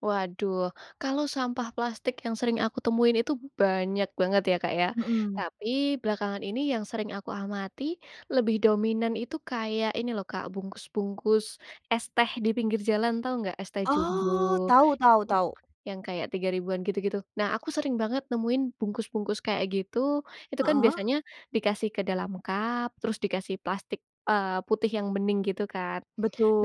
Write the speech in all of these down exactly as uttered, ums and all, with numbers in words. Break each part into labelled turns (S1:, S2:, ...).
S1: Waduh, kalau sampah plastik yang sering aku temuin itu banyak banget ya Kak ya.
S2: Mhm.
S1: Tapi, belakangan ini yang sering aku amati, lebih dominan itu kayak ini loh Kak, bungkus-bungkus es teh di pinggir jalan. Tahu enggak es teh
S2: Oh,
S1: jumbo,
S2: tahu tahu tahu.
S1: yang kayak tiga ribuan gitu-gitu. Nah, aku sering banget nemuin bungkus-bungkus kayak gitu itu. Kan
S2: Heeh.
S1: biasanya dikasih ke dalam cup, terus dikasih plastik, eee, putih yang bening gitu kan.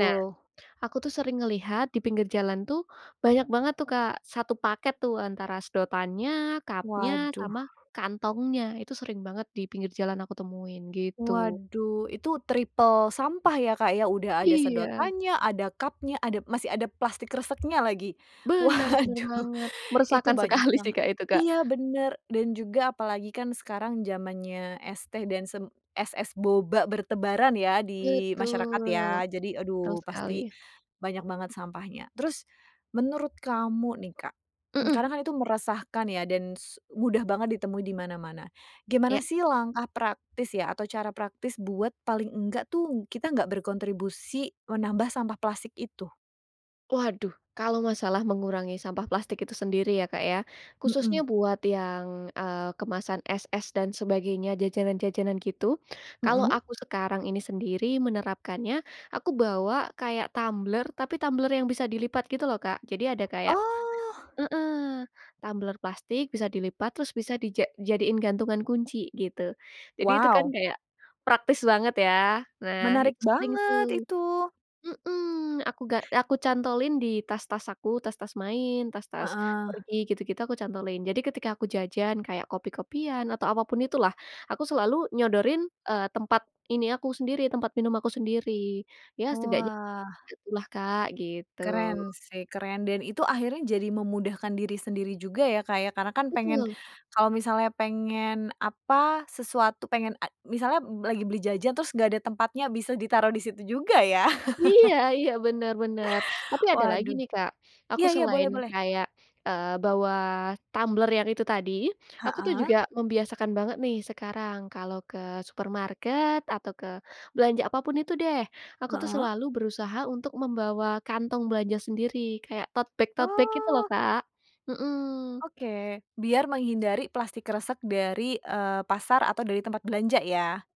S1: Nah, aku tuh sering ngelihat di pinggir jalan tuh, banyak banget tuh Kak satu paket tuh antara sedotannya, cup-nya,
S2: Waduh.
S1: sama kantongnya, itu sering banget di pinggir jalan aku temuin, gitu.
S2: Waduh, itu triple sampah ya Kak ya. Udah ada
S1: Iya.
S2: sedotan nya, ada cupnya, ada masih ada plastik kreseknya lagi.
S1: Benar benar
S2: Waduh,
S1: banget.
S2: itu
S1: Meresahkan
S2: banyak
S1: sekali sih
S2: banget
S1: Kak, itu Kak.
S2: iya, benar, dan juga apalagi kan sekarang zamannya es teh dan sem es-es boba bertebaran ya, di masyarakat
S1: Betul.
S2: ya. Jadi
S1: Betul
S2: aduh,
S1: sekali.
S2: pasti, banyak banget sampahnya, terus, menurut kamu nih Kak,
S1: Mhm.
S2: karena kan itu meresahkan ya dan su mudah banget ditemui di mana-mana. Gimana
S1: Iya.
S2: sih langkah praktis ya, atau cara praktis buat, paling enggak tuh, kita nggak berkontribusi menambah sampah plastik itu?
S1: Waduh, kalau masalah mengurangi sampah plastik itu sendiri ya Kak ya. Khususnya
S2: Mhm.
S1: buat yang, eee, kemasan es-es dan sebagainya, jajanan-jajanan gitu. Kalau
S2: Mhm.
S1: aku sekarang ini sendiri menerapkannya, aku bawa kayak tumbler, tapi tumbler yang bisa dilipat gitu loh Kak. Jadi, ada kayak
S2: Oh.
S1: heeh. Tumbler plastik, bisa dilipat, terus bisa dija jadiin gantungan kunci, gitu. Jadi itu kan
S2: Wow!
S1: kayak, praktis banget ya. Nah,
S2: Menarik
S1: itu sering
S2: banget,
S1: tuh
S2: itu.
S1: Mhm. Aku ga aku cantolin di tas-tas aku, tas-tas main, tas-tas
S2: Heeh.
S1: pergi gitu-gitu, aku cantolin. Jadi, ketika aku jajan, kayak kopi-kopian, atau apapun itulah aku selalu nyodorin, eee, tempat ini aku sendiri, tempat minum aku sendiri. Ya, setidaknya
S2: Wah.
S1: gitulah Kak, gitu.
S2: Keren sih, keren, dan itu akhirnya jadi memudahkan diri sendiri juga ya Kak ya, karena kan pengen
S1: Betul.
S2: kalau misalnya pengen apa, sesuatu pengen a misalnya lagi beli jajan, terus nggak ada tempatnya, bisa ditaruh di situ juga ya.
S1: Iya iya, benar benar. Tapi ada lagi
S2: Waduh.
S1: nih Kak, aku
S2: Iya ya, boleh
S1: selain
S2: boleh.
S1: kayak, eee, bawa tumbler yang itu tadi, aku tuh juga
S2: Heeh.
S1: membiasakan banget nih, sekarang, kalau ke supermarket atau ke belanja apapun itu deh, aku tuh
S2: Heeh.
S1: selalu berusaha untuk membawa kantong belanja sendiri. Kayak totebag-totebag gitu loh
S2: Oh.
S1: Kak. Hmm.
S2: Oke, biar menghindari plastik kresek dari, eee, pasar atau dari tempat belanja ya?